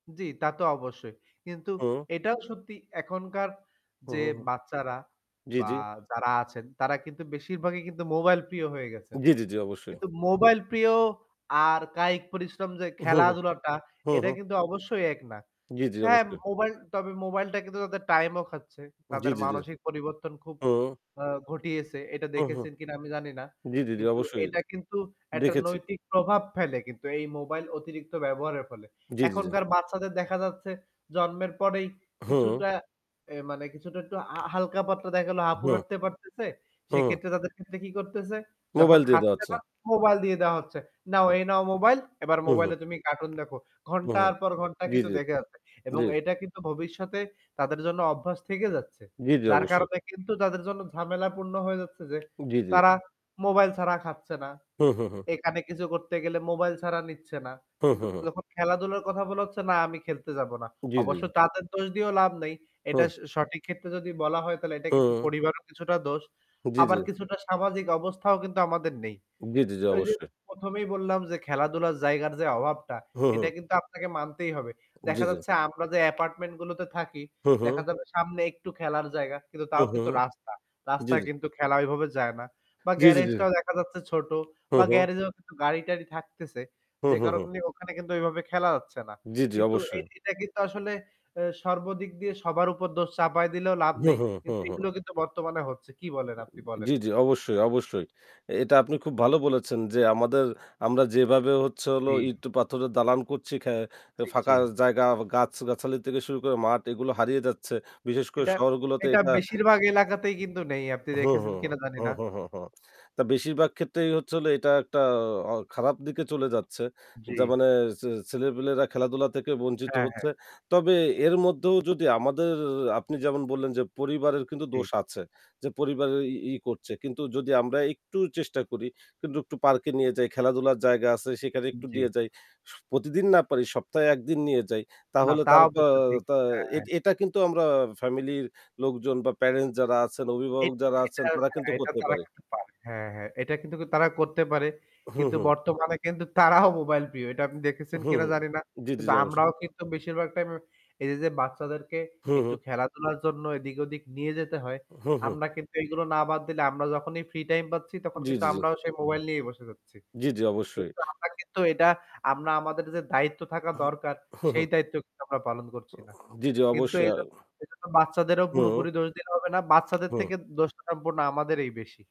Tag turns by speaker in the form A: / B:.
A: জি, তা তো অবশ্যই। কিন্তু
B: হু।
A: এটাও সত্যি এখনকার
B: হু,
A: যে
B: হু, হু।
A: বাচ্চারা
B: জি,
A: বা
B: জি।
A: যারা আছেন, তারা কিন্তু বেশিরভাগই কিন্তু মোবাইল প্রিয় হয়ে গেছেন।
B: জি, জি, জি অবশ্যই।
A: কিন্তু মোবাইল প্রিয় আর কায়িক পরিশ্রম যে
B: হু, হু।
A: খেলাধুলাটা,
B: হু,
A: এটা
B: হু।
A: কিন্তু অবশ্যই এক না।
B: জি, জি
A: হ্যাঁ,
B: অবশ্যই।
A: মোবাইল তবে মোবাইলটা কিন্তু তাদের টাইম ও খাচ্ছে।
B: জি,
A: তাদের
B: জি, জি,
A: মানসিক পরিবর্তন খুব
B: হু।
A: আ ঘটিয়েছে এটা
B: হু, হু।
A: দেখেছেন কিনা আমি জানি না।
B: জি, জি, জি
A: কিন্তু
B: অবশ্যই এ
A: এটা কিন্তু একটা
B: দেখেছি।
A: নৈতিক প্রভাব ফেলে কিন্তু এই মোবাইল অতিরিক্ত ব্যবহারের ফলে।
B: জি, জি, জি।
A: এখনকার বাচ্চাদের দেখা যাচ্ছে, জন্মের পরেই
B: হু।
A: কিছুটা এ মানে কিছুটা একটু আ হালকা-পাতলা দেখা গেলো হাপুর
B: হু।
A: হাঁটতে পারতেছে,
B: হু।
A: সেক্ষেত্রে তাদের ক্ষেত্রে কি করতেছে? যখন
B: মোবাইল দিয়ে দেওয়া
A: খাচ্ছে
B: হচ্ছে।
A: না, মোবাইল দিয়ে দেওয়া হচ্ছে, "নাও, এই নাও মোবাইল,
B: [unintelligible]
A: এবার
B: হু, হু।
A: মোবাইলে তুমি কার্টুন দেখো।"
B: হু, হু।
A: ঘন্টার পর ঘন্টা
B: জি,
A: কিন্তু
B: জি।
A: দেখে যাচ্ছে। এবং
B: জি।
A: এটা কিন্তু ভবিষ্যতে তাদের জন্য অভ্যাস থেকে যাচ্ছে।
B: জি, জি
A: যার
B: অবশ্যই।
A: কারণে কিন্তু তাদের জন্য ঝামেলা পূর্ণ হয়ে যাচ্ছে যে,
B: জি, জি।
A: তারা মোবাইল ছাড়া খাচ্ছে না।
B: হু, হু, হু।
A: এখানে কিছু করতে গেলে মোবাইল ছাড়া নিচ্ছে না।
B: হু, হু,
A: কিন্তু
B: হু।
A: যখন খেলাধুলার কথা বলা হচ্ছে, "না আমি খেলতে যাব না।"
B: জি, জি,
A: অবশ্য
B: জি।
A: তাদের দোষ দিয়েও লাভ নেই। এটা
B: হু।
A: স সঠিক ক্ষেত্রে যদি বলা হয় তাহলে এটা কিন্তু
B: হু।
A: পরিবারও কিছুটা দোষ।
B: জি, জি।
A: আবার কিছুটা সামাজিক অবস্থাও কিন্তু আমাদের নেই।
B: জি, জি, জি
A: ওই যে
B: অবশ্যই।
A: প্রথমেই বললাম যে খেলাধুলার জায়গার যে অভাবটা
B: হু,
A: এটা
B: হু।
A: কিন্তু আপনাকে মানতেই হবে।
B: জি,
A: দেখা
B: জি।
A: যাচ্ছে আমরা যে অ্যাপার্টমেন্ট গুলোতে থাকি,
B: হু,
A: দেখা
B: হু।
A: যাবে সামনে একটু খেলার জায়গা, কিন্তু
B: হু,
A: তাও
B: হু।
A: কিন্তু রাস্তা।
B: জি,
A: রাস্তায়
B: জি।
A: কিন্তু খেলা ঐভাবে যায় না। বা
B: জি, জি, জি।
A: গ্যারেজটাও দেখা যাচ্ছে ছোট
B: হু,
A: বা
B: হু।
A: গ্যারেজেও গাড়ি-টাড়ি থাকতেছে।
B: হু,
A: যে
B: হু, হু।
A: কারণে ওখানে কিন্তু ঐভাবে খেলা যাচ্ছে না।
B: জি, জি,
A: কিন্তু এই
B: অবশ্যই।
A: এটা কিন্তু আসলে এ সর্বদিক দিয়ে সবার উপর দোষ চাপাই দিলেও লাভ
B: হু,
A: নেই।
B: হু, হু,
A: কিন্তু
B: হু।
A: এগুলো কিন্তু বর্তমানে হচ্ছে। কি বলেন আপনি
B: [unintelligible]
A: বলেন?
B: জি, জি অবশ্যই, অবশ্যই। এটা আপনি খুব ভালো বলেছেন যে, আমাদের আমরা যেভাবে হচ্ছে হলো
A: জি।
B: ইট-পাথরের দালান করছি খ্যা আ
A: জি, জি।
B: ফাঁকা জায়গা গাছ গাছালি থেকে শুরু করে মাঠ এগুলো হারিয়ে যাচ্ছে। বিশেষ করে
A: এটা
B: শহরগুলোতে
A: এটা
B: এটা
A: বেশিরভাগ এলাকাতেই কিন্তু নেই, আপনি
B: [unintelligible] হুম, হু,
A: দেখেছেন কিনা জানি
B: হু,
A: না।
B: হু, হু, হু, তা বেশিরভাগ ক্ষেত্রেই হচ্ছে হলো এটা একটা আ খারাপ দিকে চলে যাচ্ছে।
A: জি।
B: যার মানে ছে ছেলেপেলেরা খেলাধুলা থেকে বঞ্চিত
A: হ্যাঁ, হ্যাঁ।
B: হচ্ছে। তবে
A: [unintelligible]
B: এর মধ্যেও যদি আমাদের আপনি যেমন বললেন যে, "পরিবারের কিন্তু দোষ
A: ঠিক।
B: আছে।" যে পরিবারের ই ই করছে, কিন্তু যদি আমরা একটু চেষ্টা করি কিন্তু একটু পার্কে নিয়ে যাই, খেলাধুলার জায়গা আছে সেখানে একটু
A: জি।
B: নিয়ে যাই। স প্রতিদিন না পারি, সপ্তাহে একদিন নিয়ে যাই
A: না
B: তাহলে
A: তা
B: তার
A: অবশ্য ঠিক,
B: আ
A: হ্যাঁ,
B: এট
A: হ্যাঁ।
B: এটা কিন্তু আমরা ফ্যামিলির লোকজন বা প্যারেন্টস যারা আছেন, অভিভাবক
A: এটা
B: যারা
A: এটা
B: আছেন তারা
A: হ্যাঁ
B: কিন্তু
A: এটা
B: করতে
A: তারা
B: পারে।
A: কিন্তু পারে, হ্যাঁ, হ্যাঁ এটা কিন্তু তারা করতে পারে।
B: হু,
A: কিন্তু
B: হু।
A: বর্তমানে কিন্তু তারাও মোবাইল প্রিয়, এটা আপনি দেখেছেন
B: হু।
A: কিনা জানি না।
B: জি, জি,
A: কিন্তু
B: জি অবশ্যই।
A: আমরাও কিন্তু বেশিরভাগ টাইমে এই যে, যে বাচ্চাদেরকে
B: হু,
A: একটু
B: হু।
A: খেলাধুলার জন্য এদিক-ওদিক নিয়ে যেতে হয়,
B: হু, হু।
A: আমরা কিন্তু এইগুলো না বাদ দিলে আমরা যখনই ফ্রি টাইম পাচ্ছি তখন
B: জি,
A: কিন্তু
B: জি, জি।
A: আমরাও সেই মোবাইল নিয়েই বসে যাচ্ছি।
B: জি, জি, অবশ্যই।
A: কিন্তু আমরা কিন্তু এটা আমরা আমাদের যে দায়িত্ব থাকা দরকার,
B: [unintelligible] হু, হু।
A: সেই দায়িত্ব আমরা পালন করছি না।
B: উ জি, জি,
A: কিন্তু
B: অবশ্যই।
A: এই
B: আ
A: জ এই জন্য বাচ্চাদেরও পুরোপুরি
B: হু।
A: দোষ দিলে হবে না। বাচ্চাদের
B: হু।
A: থেকে দোষটা সম্পূর্ণ আমাদেরই বেশি।